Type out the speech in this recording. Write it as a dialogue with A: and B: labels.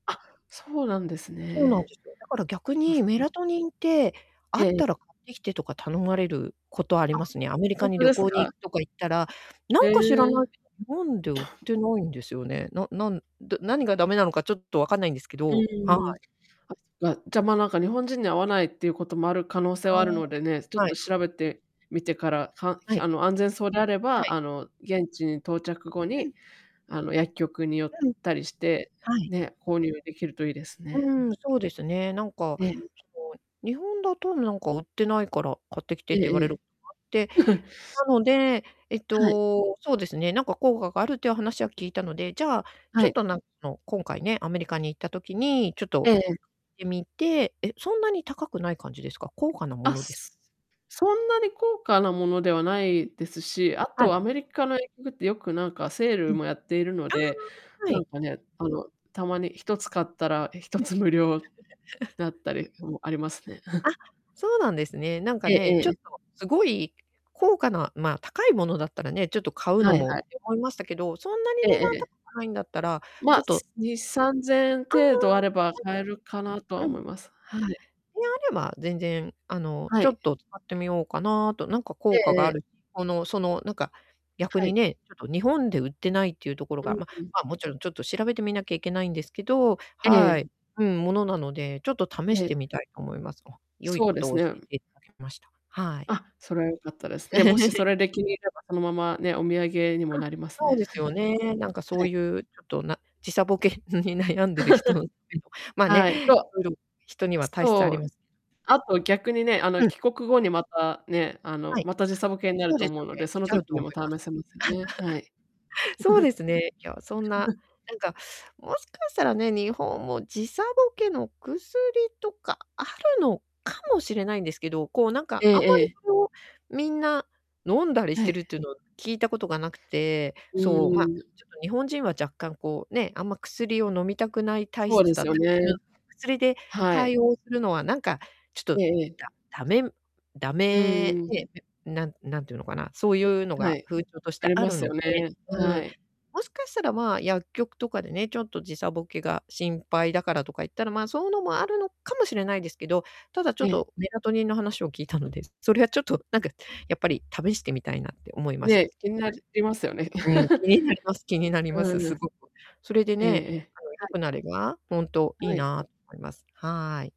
A: あ、そうなんです
B: そうなん
A: ね。
B: ですよ。だから逆
A: あ、
B: に
A: そっ
B: メ
A: か
B: ラトニンって、あっ
A: ええ。
B: たら買ってきてとか頼まれることあり
A: あ、
B: ますね。アメリ
A: ほ
B: カ
A: ん
B: に
A: と
B: 旅
A: です
B: 行に
A: か？
B: 行くとか行ったら、な
A: へ
B: んか知らない
A: え。
B: けど、日本で売っ てないんですよね。ななんどぅ何が駄目なのかちょっと分かんないんですけ
A: う
B: ど、
A: ん
B: は
A: うんうん。
B: い。
A: あ、そっか、じゃ、ま、なんか、日本人に合わないっていうこともある可能性
B: あ
A: はあるのでね、ちょっ
B: あ、は
A: と
B: い。
A: 調べてみてから、か
B: はい。
A: あの、安全そうであれ
B: は
A: ば、
B: い。
A: あの、現地に到着後
B: は
A: に、
B: い。
A: あの、薬局に寄っ
B: うん。
A: たりして、
B: はい。
A: ね、購入できるといいです
B: う
A: ねふ。
B: ん、そうですね。なんか、
A: ええ。
B: その、日本だとなんか売ってないから買ってきて
A: え
B: って言わ
A: え
B: れ
A: え
B: る
A: え。
B: ことがあって、なので、えっ
A: はい。
B: と、そうですね、なんか効果があるっていう話は聞いたので、じゃあ、
A: は
B: ちょっ
A: い。
B: となんかあの今回ね、アメリカに行った時に、ちょっと
A: ええ
B: 買
A: ええ。
B: ってみてえ、そんなに高くない感じですか？高価なも
A: あ、
B: のです
A: そんなに高価なものではないですし、あ
B: は
A: と
B: い。
A: アメリカの薬局ってよくなんかセー
B: う
A: ル
B: ん。あ
A: もやっているので、
B: あ、は
A: な
B: い。
A: んかね、あの、たまに1つ買ったらひと
B: はい。
A: つ無料だった りもありますね。
B: あ、そうなんですね。なんか
A: ええ
B: ね、ち
A: え
B: ょっ
A: え。
B: とすごい、高価なま、高いものだったらね、ちょっと買う
A: は
B: の
A: い
B: もっ
A: はい。
B: て思いましたけど、そんなに
A: え
B: 値
A: ええ
B: 段
A: え。
B: 高くないんだったら、ち
A: ま、
B: ょっと
A: 2、3000円程度あれ
B: あ
A: ば買えるかなとは
B: あ、うん。あ、で、
A: 思います、はい。
B: あれば全然、あの、
A: は
B: ちょ
A: い。
B: っと使ってみようかなと。なんか
A: え
B: 効果
A: え
B: が
A: え
B: あ
A: え。
B: るこの、その、なんか、逆
A: は
B: に
A: い。
B: ね、ちょっと日本で売ってないっていうところ
A: う
B: が、
A: ん
B: ま
A: うん。
B: ま、もちろんちょっと調べてみなきゃいけないんですけど、
A: え
B: は
A: え。
B: い。うんものなので、ちょっと試し
A: ええ。
B: てみたいと思います。お、良い
A: そう
B: こ
A: で
B: と
A: す
B: を教
A: ね。
B: えて頂きました。はい。
A: あ、それは良かったです。ね、もしそ れで気に入れれば、そのままね、お土産にも
B: あ、
A: なります
B: そう
A: ね。
B: ですよね。なん かそ
A: は
B: う
A: い。
B: いう、ちょっとな時差ボケに悩んでる人って ま、ね、
A: はい、と
B: 色々人には体質あ
A: そ
B: り
A: う、
B: ます
A: あと、逆にね、あの、
B: けど。うん。
A: 帰国後にまた、ね、あの、
B: はい。
A: ま
B: あ、
A: た時差ぼけにな
B: そ
A: る
B: う
A: と
B: です
A: 思う
B: よ
A: ので、
B: ね、
A: そ
B: 来
A: の
B: ちゃ
A: 時
B: うと
A: に
B: 思
A: も試
B: います。
A: せますよね、はい。
B: そうですね、いや、そんな、なんか、もしかしたらね、日本も時差ボケの薬とかあるのかもしれないんですけど、こうなん
A: え
B: か、あんま
A: ええ
B: り
A: え。
B: その、みんな、飲んだりし
A: は
B: てるっ
A: い。
B: ていうのを聞いたことが無くて、
A: う
B: そう、ま、
A: ーん。
B: ちょっと日本人は若干こう、ね、あんま薬を飲みたくない体
A: そう
B: 質
A: で
B: だ
A: す
B: っ
A: よ
B: たりす
A: ね。
B: る薬で
A: はい。
B: 対応するのは、なんかちょっ
A: え
B: と、
A: ええ
B: だ
A: え。
B: 駄目駄
A: う
B: 目
A: ーん。
B: で、なん何て言うのかな、そういうの
A: は
B: が
A: い。
B: 風潮とし
A: あ
B: て
A: り
B: あ
A: ま
B: る
A: す
B: の
A: よ
B: で、
A: ね、
B: う
A: は
B: ん。
A: い。
B: もしかしたら、まあ、薬局とかでね、ちょっと時差ボケが心配だからとか言ったら、ま、そういうのもあるのかもしれないですけど、ただちょ
A: え
B: っ
A: え。
B: と、メラトニンの話を聞いたので。それはちょっとなんか、やっぱり試してみたいなって思いまし
A: ね、
B: た。
A: 気になりますよね。
B: はい。うん、気 になります気になりま
A: う
B: す、
A: ー
B: す
A: ん。
B: ごく。それで
A: ええ
B: ね、
A: ええ。
B: あの、
A: は
B: 良
A: い。
B: くなれば、ほんとい
A: は
B: い
A: い。
B: なと思います。はい。